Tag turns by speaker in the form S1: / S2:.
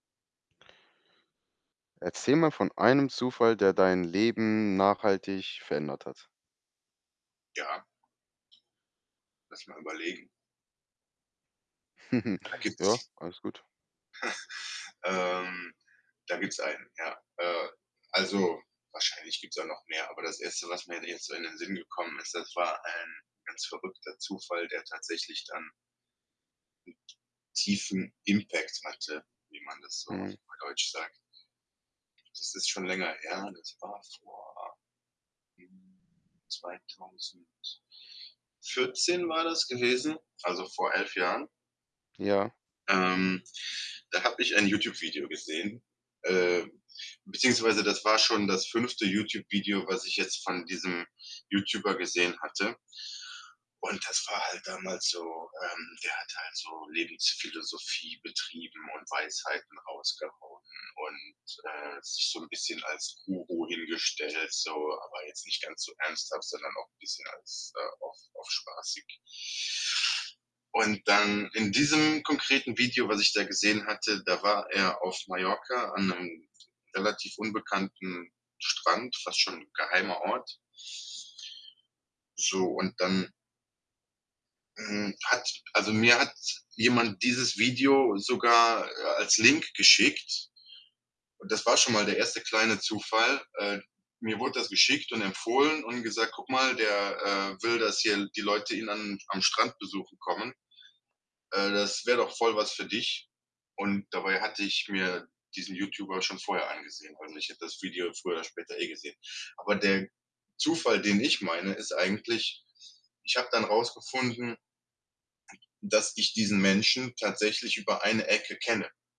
S1: Erzähl mal von einem Zufall, der dein Leben nachhaltig verändert hat.
S2: Ja. Lass mal überlegen. Da
S1: Ja,
S2: gibt's
S1: alles gut.
S2: ähm, da gibt's einen, ja. Äh, also wahrscheinlich gibt's auch noch mehr, aber das 1., was mir d jetzt in den Sinn gekommen ist, das war, ein ganz verrückter Zufall, der tatsächlich dann 'n t tiefen Impact hatte, wie man das so auf
S1: Mhm.
S2: Neudeutsch sagt. Das ist schon länger her, das war vor hm, 2014 war das gewesen, also vor 11 Jahren.
S1: Ja.
S2: Ähm, da habe ich ein YouTube-Video gesehen, äh, beziehungsweise das war schon das 5. YouTube-Video, was ich jetzt von diesem YouTuber gesehen hatte und das war halt damals so ähm, der hat halt so Lebensphilosophie betrieben und Weisheiten rausgehauen und, äh, sich so 'n bisschen als Guru hingestellt so, aber jetzt nicht ganz so ernsthaft, sondern auch bisschen als äh, auf auf spaßig. Und dann in diesem konkreten Video, was ich da gesehen hatte, da war er auf Mallorca an 'nem relativ unbekannten Strand, fast schon 'n geheimer Ort. So, und dann hm, hat also, mir hat jemand dieses Video sogar, äh, als Link geschickt. Das war schon mal der 1. kleine Zufall. Äh, mir wurde das geschickt und empfohlen und gesagt: „Guck mal, der, äh, will, dass hier L die Leute ihn an am Strand besuchen kommen, äh, das wäre doch voll was für dich.“ Und dabei hatte ich mir diesen YouTuber schon vorher angesehen und ich hätte das Video früher oder später eh gesehen. Aber der Zufall, den ich meine, ist eigentlich, ich habe dann rausgefunden, dass ich diesen Menschen tatsächlich über eine Ecke kenne.